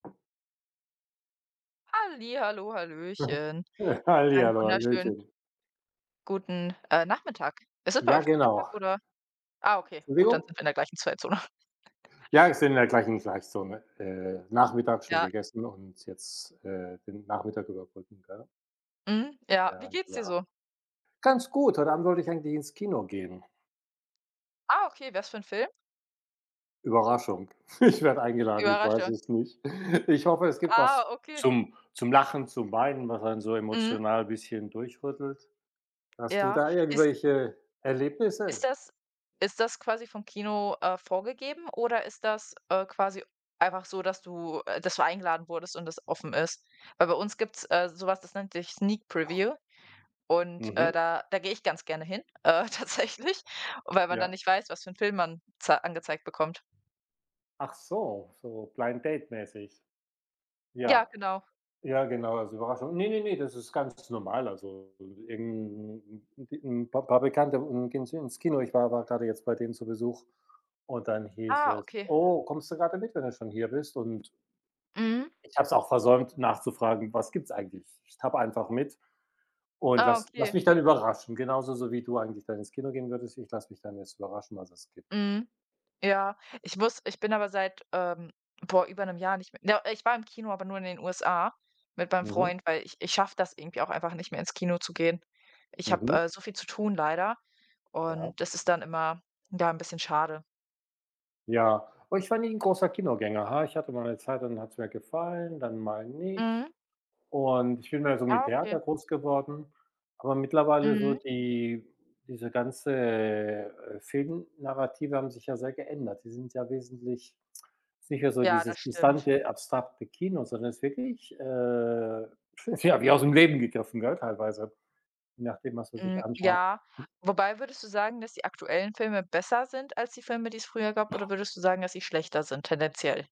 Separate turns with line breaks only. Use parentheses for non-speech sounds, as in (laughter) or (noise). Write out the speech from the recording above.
Hallihallo,
Mhm.
hallöchen,
(chuckles)
einen
Hallihallo,
wunderschönen
hallöchen.
guten, äh, Nachmittag. Ist es bei
Ja,
euch Nachmittag,
genau.
oder? Ah okay, gut, dann
Entschuldigung?
sind wir in der gleichen Zeitzone. (giggles)
Ja, ist in in der gleichen Zeitzone, äh, Nachmittag schon
Ja.
gegessen und jetzt, äh, den Nachmittag überbrücken, gell?
Mhm. Ja. Wie
Ja,
geht's dir
ja.
so?
Ganz gut, heute Abend wollte ich eigentlich ins Kino gehen.
Ah, okay, was für 'n Film?
Überraschung, ich werde eingeladen, ich weiß
Überraschung?
es nicht. Ich hoffe, es gibt
Ah,
was
okay.
zum zum Lachen, zum Weinen, was einen so
Mhm.
emotional bisschen durchrüttelt. Hast du
Ja,
da
ist
irgendwelche
Ist
Erlebnisse?
das ist das quasi vom Kino, äh, vorgegeben oder ist das, äh, quasi einfach so, dass du, äh, dass du eingeladen wurdest und das offen ist? Weil bei uns gibt's, äh, so was, das nennt sich „Sneak Preview“ und, äh,
Mhm.
da da gehe ich ganz gerne hin, äh, tatsächlich, weil man dann
Ja.
nicht weiß, was für 'n Film man za angezeigt bekommt.
Ach so, so Blind Date mäßig.
Ja,
Ja.
genau.
Ja, genau, als Überraschung. Ne, ne, ne, das ist ganz normal. Also, irgend 'n 'n Pa Paar Bekannte gehen s ins Kino. Ich war gerade jetzt bei denen zu Besuch und dann hieß
Ah,
es:
okay.
„Oh, kommst du gerade mit, wenn du schon hier bist“ und
Mhm.
ich habe es auch versäumt nachzufragen: „Was gibt's eigentlich?“ Ich tappe einfach mit und
Ah,
lass lasse
okay.
mich dann überraschen, genauso so wie du eigentlich dann ins Kino gehen würdest. Ich lasse mich dann jetzt überraschen, was es gibt.
Mhm. Ja, ich muss ich bin aber seit, ähm, vor über 'nem Jahr nicht mehr do äh, ich war im Kino, aber nur in den USA mit meinem
Mhm.
Freund, weil ich ich schaffe das irgendwie auch einfach nicht mehr ins Kino zu gehen. Ich habe,
Mhm.
äh, so viel zu tun leider
Ja.
und das ist dann immer, ja, 'n bisschen schade.
Ja. Oh, ich war nie 'n großer Kinogänger, ha ich hatte mal 'ne Zeit, dann hat es mir gefallen, dann mal nicht,
Mhm.
und ich bin mehr so mit
Ah, okay.
Theater groß geworden. Aber mittlerweile so
Mhm.
die diese ganze Film-Narrative haben sich ja sehr geändert. Sie sind ja wesentlich, es ist nicht mehr so
Ja,
dieses
das stimmt.
distante, abstrakte Kino, sondern es ist wirklich, äh, tja wie aus dem Leben gegriffen, gell, teilweise, je nachdem, was man sich
Hm,
anschaut.
ja. Wobei würdest du sagen, dass die aktuellen Filme besser sind als die Filme, die es früher gab oder würdest du sagen, dass sie schlechter sind tendenziell?